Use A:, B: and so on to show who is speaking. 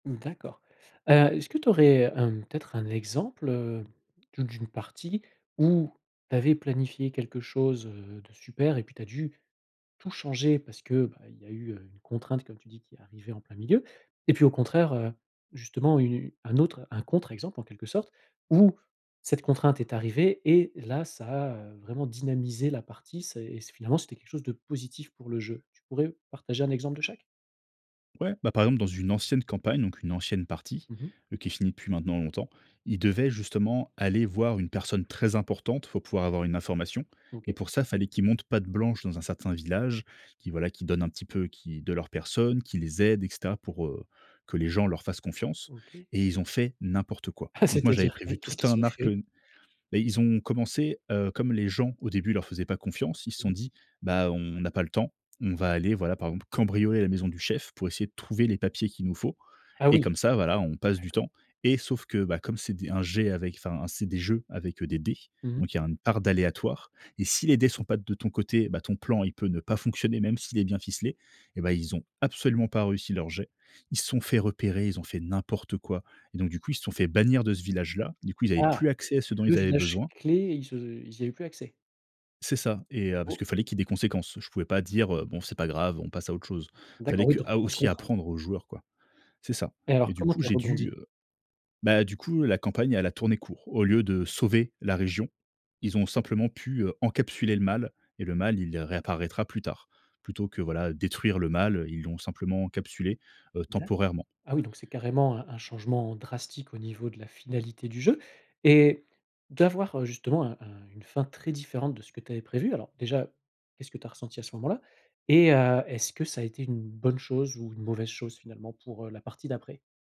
A: Mmh d'accord. Heu, est-ce que tu aurais, hem, peut-être, un exemple, heu, d'une partie où tu avais planifié quelque chose, heu, de super et puis tu as dû tout changer parce que, bah, il y a eu, heu, une contrainte, comme tu dis, qui est arrivée en plein milieu? Et puis au contraire, heu, justement, u une un autre un contre exemple, en quelque sorte où cette contrainte est arrivée et là, ça a, heu, vraiment dynamisé la partie. Ça est c'est finalement, c'était quelque chose de positif pour le jeu? Tu pourrais partager un exemple de chaque?
B: Ouais, bah, par exemple, dans une ancienne campagne donc une ancienne partie,
A: Mmh mh.
B: heu, qui est finie depuis maintenant longtemps, ils devaient, justement, aller voir une personne très importante pour pouvoir avoir une information et
A: OK.
B: pour ça, fallait qu'ils montrent patte blanche dans un certain village, qu'ils, voilà, qu'ils donnent un petit peu, qui de leur personne, qu'ils les aident et cetera pour, heu, que les gens leur fassent confiance
A: OK.
B: et ils ont fait n'importe quoi. Donc moi, j'avais
A: C'est-à-dire? Eh,
B: prévu
A: qu'est-ce
B: tout
A: qu'ils
B: un
A: ont
B: arc,
A: fait?
B: heu bah, ils ont commencé, heu, comme les gens, au début, leur faisaient pas confiance, Ils se
A: Mmh.
B: sont dit: «Bah, on on n'a pas le temps. On va aller, voilà, par exemple, cambrioler la maison du chef pour essayer de trouver les papiers qu'il nous faut
A: Ah,
B: et
A: oui.
B: comme ça, voilà, on passe du
A: D'accord.
B: temps» et sauf que, bah, comme c'est des un jet avec enfin, c'est des jeux avec, heu, des dés
A: Mmh mh.
B: donc il y une part d'aléatoire et si les dés sont pas de ton côté, bah, ton plan, il peut ne pas fonctionner, même s'il est bien ficelé. Eh ben, ils ont absolument pas réussi leur jet. Ils se sont fait repérer. Ils ont fait n'importe quoi et donc du coup, ils se sont fait bannir de ce village-là. Du coup, ils avaient
A: Ah!
B: plus accès à ce dont
A: Le
B: ils avaient besoin.
A: village-clé, ils se ils y avaient plus accès?
B: C'est ça et heu, parce qu'il
A: OK.
B: fallait qu'il y ait des conséquences. Je pouvais pas dire, heu: «Bon, c'est pas grave, on passe à autre chose». Il
A: D'accord,
B: fallait
A: oui
B: que
A: donc
B: à
A: grosse
B: aussi
A: contrainte.
B: apprendre aux joueurs, quoi. C'est ça
A: Et alors
B: et du
A: comment
B: coup,
A: tu es
B: j'ai dû,
A: rebondi?
B: heu bah, du coup, la campagne, elle a tourné court. Au lieu de sauver la région, ils ont simplement pu, heu, encapsuler le mal et le mal, il, heu, réapparaîtra plus tard. Plutôt que, voilà, détruire le mal, heu, ils l'ont simplement encapsulé, heu,
A: D'accord.
B: temporairement.
A: Ah, oui donc c'est carrément un un changement drastique au niveau de la finalité du jeu et d'avoir, heu, justement, un un une fin très différente de ce que tu avais prévu, alors déjà, qu'est-ce que tu as ressenti à ce moment-là? Et heu, est-ce que ça a été une bonne chose ou une mauvaise chose, finalement, pour, heu, la partie d'après?